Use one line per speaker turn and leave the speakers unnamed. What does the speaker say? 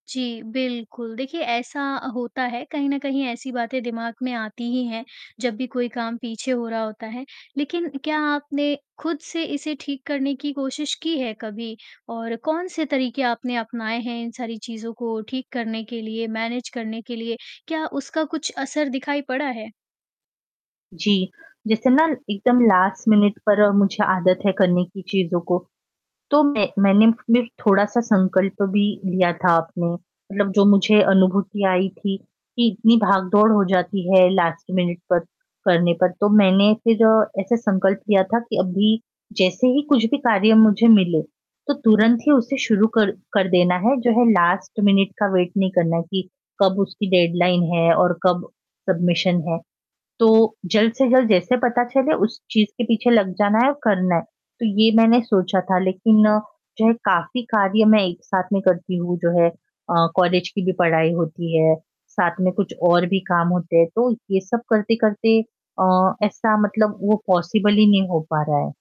जी, बिल्कुल देखिए ऐसा अ, होता है कहीं न कहीं ऐसी बातें दिमाग में आती ही हैं, जब भी कोई काम पीछे हो रहा होता है, लेकिन क्या आपने खुद से इसे ठीक करने की कोशिश की है कभी? और कौन-से तरीके आपने अपनाए हैं इन सारी चीज़ों को ठीक करने के लिए, मैनेज करने के लिए? क्या उसका कुछ असर दिखाई पड़ा है?
जी, जैसे ना एकदम लास्ट मिनट पर मुझे आदत है करने की चीज़ों को। तो मैं मैंने फ़िर थोड़ा-सा संकल्प भी लिया था अपने मतलब जो मुझे अनुभूति आई थी, कि इतनी भाग-दौड़ हो जाती है लास्ट मिनट तक, करने पर। तो मैंने फ़िर ऐसे संकल्प लिया था कि अभी, जैसे ही कुछ भी कार्य मुझे मिले, तो तुरंत ही उसे शुरू कर कर देना है, जो है लास्ट मिनट का वेट नहीं करना है कि कब उसकी डेडलाइन है और कब सबमिशन है, तो जल्द से जल्द जैसे पता चले उस चीज़ के पीछे लग जाना है और करना है। तो ये मैंने सोचा था लेकिन जो है काफ़ी कार्य मैं एक साथ में करती हूँ जो है अ, कॉलेज की भी पढ़ाई होती है, साथ में कुछ और भी काम होते हैं। तो ये सब करते-करते अ, ऐसा मतलब वो पॉसिबल ही नहीं हो पा रहा है।